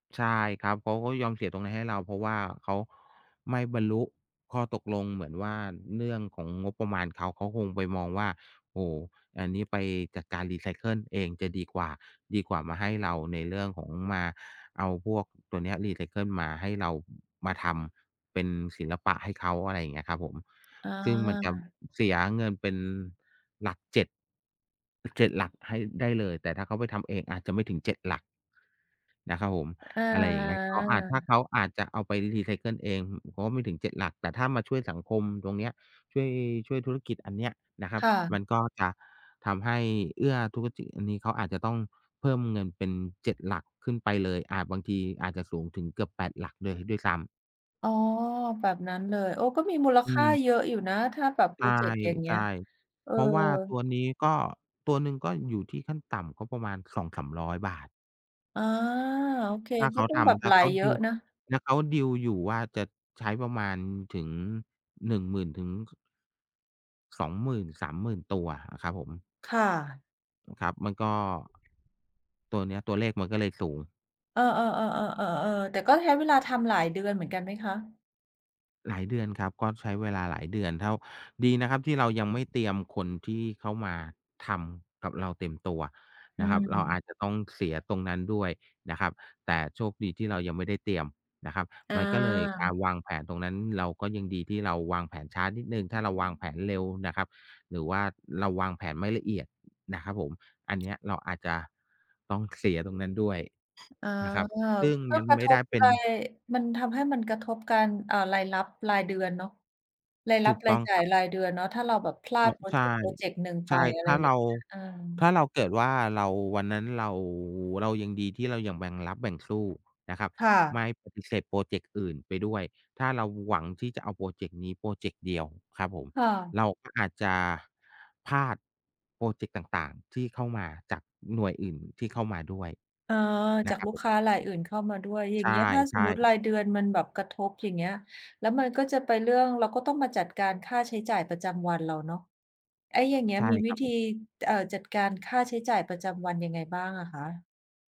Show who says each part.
Speaker 1: ใช่ครับ เขาก็ยอมเสียตรงเนี้ยให้เรา เพราะว่าเขาไม่บรรลุข้อตกลง เหมือนว่าเรื่อง ของงบประมาณ เขา เขาคงไปมองว่า โอ้โฮ อันนี้ไปจัดการรีไซเคิลเองจะดีกว่า ดีกว่ามาให้เราในเรื่องของมา เอาพวกตัวเนี้ยรีไซเคิลมาให้เรา มาทำเป็นศิลปะให้เขา อะไรอย่างเงี้ยครับผม
Speaker 2: อ
Speaker 1: ซึ่งมันจ
Speaker 2: า
Speaker 1: ำ เสียเงินเป็นหลัก 7 7 หลักให้ ได้เลย แต่ถ้าเขาไปทำเองอาจจะไม่ถึง 7 หลัก นะครับผม
Speaker 2: อ
Speaker 1: อะไรอย่างเงี้ย เขาอาจ ถ้า
Speaker 2: า
Speaker 1: เขาอาจจะเอาไปรีไซเคิลเอง เพราะว่าไม่ถึง 7 หลัก แต่ถ้ามาช่วยสังคมตรงเนี้ย ช่วย ช่วยธุรกิจอันเนี้ยนะครั
Speaker 2: ค
Speaker 1: บ
Speaker 2: ่
Speaker 1: มั
Speaker 2: ะ
Speaker 1: นก็จะทำให้เอื้อธุรกิจอันนี้ เขาอาจจะต้องเพิ่มเงินเป็น 7 หลักขึ้นไปเลย อาจ บางทีอาจจะสูงถึงเกือบ 8 หลักเลยด้วยซ้ำ
Speaker 2: อ๋อ แบบนั้นเลย โอ้ ก็มีมูล
Speaker 1: อื
Speaker 2: ค่า
Speaker 1: ม
Speaker 2: เยอะอยู่นะ ถ้าแบบพ
Speaker 1: ใ
Speaker 2: รอเจกต์อย่างเงี
Speaker 1: ช
Speaker 2: ้
Speaker 1: ่
Speaker 2: ย เอ
Speaker 1: ๆ
Speaker 2: อ
Speaker 1: เพราะว่าตัวนี้ก็ ตัวหนึ่งก็อยู่ที่ขั้นต่ำก็ประมาณ 200-300 บาท
Speaker 2: อ๋อ โอเค
Speaker 1: ถ้าเ
Speaker 2: ก
Speaker 1: ข
Speaker 2: ็
Speaker 1: า
Speaker 2: ต้อ
Speaker 1: ท
Speaker 2: งแบบ
Speaker 1: ำ ถ
Speaker 2: ไ
Speaker 1: ้
Speaker 2: หล
Speaker 1: าเขา
Speaker 2: เยอ
Speaker 1: ด
Speaker 2: ะ
Speaker 1: ี
Speaker 2: นะ
Speaker 1: ล ถ้าเขาดีลอยู่ว่า จะใช้ประมาณถึง 10,000 ถึง 20,000-30,000 ตัวอะครับผม
Speaker 2: ค่ะ
Speaker 1: ครับ มันก็ ตัวเนี้ย ตัวเลขมันก็เลยสูง
Speaker 2: เออ ๆ ๆ ๆ ๆ ๆ แต่ก็ใช้เวลาทำหลาย เดือนเหมือนกันไหมคะ?
Speaker 1: หลายเดือนครับ ก็ใช้เวลาหลายเดือนเท่า ดีนะครับที่เรายังไม่เตรียมคนที่เขามาทำกับเราเต็มตัว
Speaker 2: อื
Speaker 1: นะครับ เราอา
Speaker 2: ม
Speaker 1: จจะต้องเสียตรงนั้นด้วยนะครับ แต่โชคดีที่เรายังไม่ได้เตรียมนะครับ
Speaker 2: อ
Speaker 1: มันก็เลย การ
Speaker 2: า
Speaker 1: วางแผนตรงนั้น เราก็ยังดีที่เราวางแผนช้านิดหนึ่ง ถ้าเราวางแผนเร็วน่ะครับ หรือว่าเราวางแผนไม่ละเอียด นะครับผม อันเนี้ยเราอาจจะต้องเสียตรงนั้นด้วย
Speaker 2: อ๋อ
Speaker 1: นะครับ ซึ่ง
Speaker 2: ก็
Speaker 1: มัน
Speaker 2: กร
Speaker 1: ไ
Speaker 2: ะ
Speaker 1: ม
Speaker 2: ท
Speaker 1: ่ได้
Speaker 2: บ
Speaker 1: เป็น
Speaker 2: ราย มันทำให้มันกระทบการ เอ่อ รายรับรายเดือนเนาะ ราย
Speaker 1: ถ
Speaker 2: รั
Speaker 1: ู
Speaker 2: บ-
Speaker 1: ก
Speaker 2: ร
Speaker 1: ต
Speaker 2: า
Speaker 1: ้อ
Speaker 2: ย
Speaker 1: ง
Speaker 2: จ่
Speaker 1: ค
Speaker 2: า
Speaker 1: รั
Speaker 2: ย
Speaker 1: บ
Speaker 2: รายเดือนเนาะ ถ้าเราแบบพลา
Speaker 1: อ้อ
Speaker 2: ดพรอ
Speaker 1: ใช
Speaker 2: เ
Speaker 1: ่
Speaker 2: จกต์พรอเจกต์หนึ่งไ
Speaker 1: ใช
Speaker 2: ป
Speaker 1: ่
Speaker 2: อะไ
Speaker 1: ถ
Speaker 2: ร
Speaker 1: ้าเ
Speaker 2: เ
Speaker 1: ร
Speaker 2: งี้
Speaker 1: า
Speaker 2: ย เออ
Speaker 1: ถ้าเราเกิดว่า เรา วันนั้นเรา เรายังดีที่เรายังแบ่งรับแบ่งสู้นะครับ
Speaker 2: ค่
Speaker 1: ไม
Speaker 2: ะ
Speaker 1: ่ปฏิเสธพรอเจกต์อื่นไปด้วย ถ้าเราหวังที่จะเอาพรอเจกต์นี้พรอเจกต์เดียวครับผม
Speaker 2: ค่ะ
Speaker 1: เราก็อาจจะพลาดพรอเจกต์ต่าง ๆ ที่เข้ามาจากหน่วยอื่นที่เข้ามาด้วย
Speaker 2: เออ
Speaker 1: น
Speaker 2: จ
Speaker 1: ะ
Speaker 2: าก
Speaker 1: ครับ
Speaker 2: ลูก
Speaker 1: ผม
Speaker 2: ค้ารายอื่นเข้ามาด้วย อย่
Speaker 1: ใ
Speaker 2: างเงี้ย ถ้าส
Speaker 1: ช
Speaker 2: มม
Speaker 1: ่
Speaker 2: ุติ
Speaker 1: ๆ
Speaker 2: รายเดือนมันแบบ กระทบ อย่างเงี้ย แล้วมันก็จะไปเรื่อง เราก็ต้องมาจัดการค่าใช้จ่ายประจำวันเราเนาะ ไอ้อย่างเงี้
Speaker 1: ใ
Speaker 2: ย
Speaker 1: ช่
Speaker 2: มี
Speaker 1: ค
Speaker 2: ว
Speaker 1: ร
Speaker 2: ิ
Speaker 1: ับ
Speaker 2: ธ
Speaker 1: ผ
Speaker 2: ี
Speaker 1: ม
Speaker 2: จ เอ่อ จัดการค่าใช้จ่ายประจำวัน ยังไงบ้างอะคะ?